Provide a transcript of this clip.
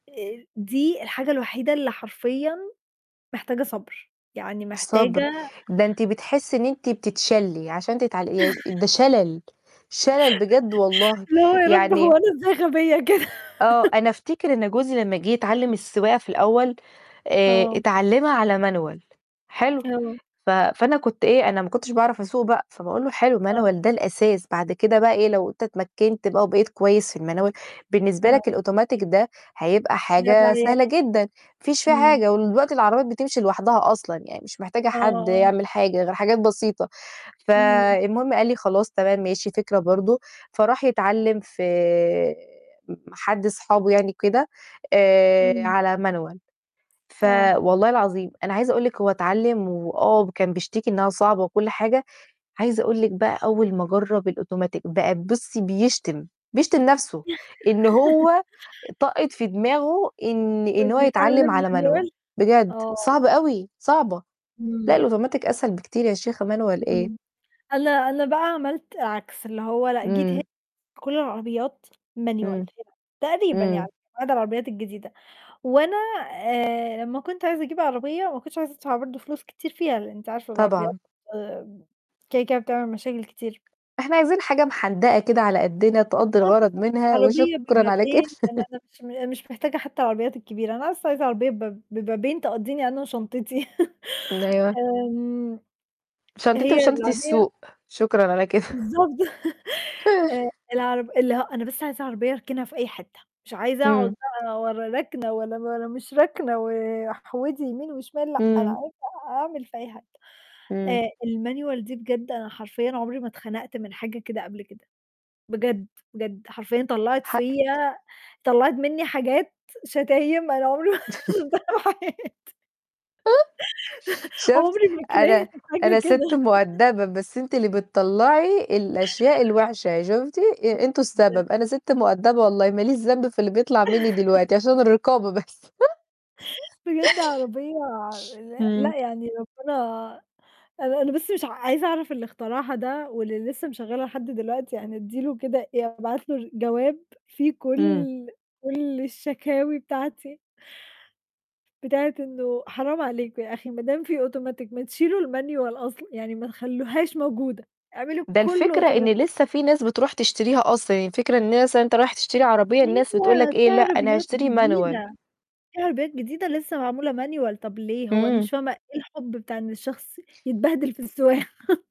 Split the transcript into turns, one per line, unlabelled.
آآ، دي الحاجة الوحيدة اللي حرفيًا محتاجة صَبْر، يعني
صَبْر،
محتاجة
ده أنتِ بتحسّي إن أنِت بتتشلّي عشان تتع ده شلل، شلل بجد والله.
اللي هو يا رب هو
يعني
أنا إزاي غبية كده؟
آه، أنا أفتكر إن جوزي لمّا جِه يتعلِّم السواقة في الأول، آآ،
آه.
اتعلِّمها على Manual حلو،
آه.
ف فأنا كنت إيه، أنا ما كنتش باعرف أسوق بقى، فباقول له: "حلو،
آه.
Manual ده الأساس، بعد كده بقى إيه، لو أنت اتمكّنت بقى وبقيت كويس في الManual، بالنسبة
آه.
لك الأوتوماتيك ده هيبقى حاجة
[unintelligible]
سهلة جدًا، ما فيش في
إمم.
حاجة ودلوقتي العربيات بتمشي لوحدها أصلًا يعني مش محتاجة
آه.
حد
آه.
يعمل حاجة غير حاجات بسيطة."
إمم.
فالمهم قال لي: "خلاص، تمام ماشي، فكرة برضه." فراح يتعلِّم في م حد أصحابه يعني كده، آآ،
إمم.
على Manual. ف
آه.
والله العظيم، أنا عايزة أقول لِك هو اتعلِّم وآه كان بيشتكي إنّها صعبة وكل حاجة، عايزة أقول لِك بقى أول ما جرّب الأوتوماتيك بقى بُصّي بيشتم، بيشتم نَفْسه إنه هو طقّة في دماغه إن إن هو
واللي
يتعلِّم
اتعلِّم
على Manual
Manual،
بجد،
آه
صعبة
[unintelligible]
أوي، صعبة. لأ،
إمم.
الautomatic أسهل بكتير يا شيخة، Manual إيه!
إمم. أنا أنا بقى عملت عكس، اللي هو لأ جيت ه
إمم
كل العربيات Manual
إمم.
هنا تقريبًا
إمم.
يعني بعض العربيات الجديدة وأنا آآ، لمّا كنت عايزة أجيب عربية ما كنتش عايزة أدفع برضه فلوس كتير فيها، لإن أنتِ عارفة العربيات
طبعًا.
كده كده بتعمل مشاكل كتير.
إحنا عايزين حاجة محندقة كده على قدّنا تقضّي
آه
الغرض
بالضبط،
منها وشكرًا
عربية
على كده.
ببابين لإن أنا مش م مش محتاجة حتّى العربيات الكبيرة، أنا أص عايزة عربية بب ببابين تقضّيني أنا وشنطتي.
أيوه.
آمم،
شنطتي
هي
وشنطة
العربية
السوق، شكرًا على كده.
بالضبط. آآ، الع اللي هو أنا بس عايزة عربية أركنها في أي حتّة، مش عايزة
إمم.
أقعد بقى ولا راكنة ولا ولا مش راكنة واحودي يمين وشمال لأ، أنا
إمم.
عايزة أعمل في أي حتة.
إمم.
آآ، الManual دي بجد أنا حرفيًا عمري ما اتخنقت من حاجة كده قبل كده، بجد، بجد حرفيّا طلّعت
حقِك
فيّا طلّعت منّي حاجات شتايم أنا عمري [unintelligible]
شُفت
عمري ما
أنا
كرهت
أنا
حاجة كده.
سِت مؤدّبة، بس أنتِ اللي بتطلّعي الأشياء الوِحشة شُفتِ، أنتم السبب،
[unintelligible]
أنا سِت مؤدّبة والله ماليش ذنب في اللي بيطلع منّي دلوقتي عشان الرقابة بس.
بجد عربية لأ
إمم.
لأ، يعني ربِّنا أنا أنا بس مش ع عايزة أعرف اللي اخترعها ده واللي لسّه مشغّلها لحد دلوقتي يعني أدّي له كده آآ، أبعت له جواب فيه
إمم.
كل كل الشكاوي بتاعتي. بتاعة إنه حرام عليك يا أخي ما دام في automatic ما تشيلوا الManual أصلًا، يعني ما تخلّوهاش موجودة، اعملوا
ده
كُلّه
الفكرة إن
automatic
لسّه في ناس بتروح تشتريها أصلًا، يعني الفكرة الناس يعني أنت راح تشتري عربية، الناس بتقول لك
أيوه،
إيه:
في
"لأ أنا
عربيات
هاشتري Manual."
جديدة، في عربيات جديدة لسّه معمولة Manual، طَب ليه؟ هو أنا
إمم.
مش فاهمة إيه الحب بتاع إن الشخص يتبهدل في السواقة.